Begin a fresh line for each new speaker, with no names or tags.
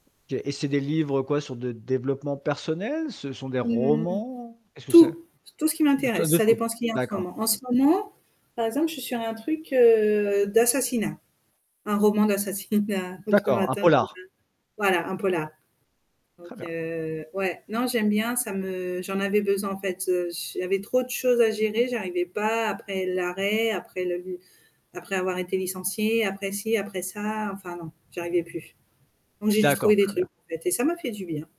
OK et c'est des livres, quoi, sur le développement personnel? Ce sont des
Mmh.
romans? Qu'est-ce que c'est?
Tout! Tout ce qui
De ah,
m'intéresse,
de
ça
tout,
dépend ce qu'il y a en ce
d'accord.
moment. En ce moment, par exemple, je suis sur un truc heu, d'assassinat, un roman d'assassinat donc le
D'accord, un
matin
polar.
[unintelligible] voilà, un polar. Donc
Très bien.
heu, ouais, non j'aime bien, ça me j'en avais besoin en fait, heu, j j'avais trop de choses à gérer, j'arrivais pas, après l'arrêt, après le après avoir été licenciée, après ci, après ça, enfin non, j'arrivais plus. Donc j'ai juste
D'accord,
trouver des
très bien.
trucs en fait et ça m'a fait du bien.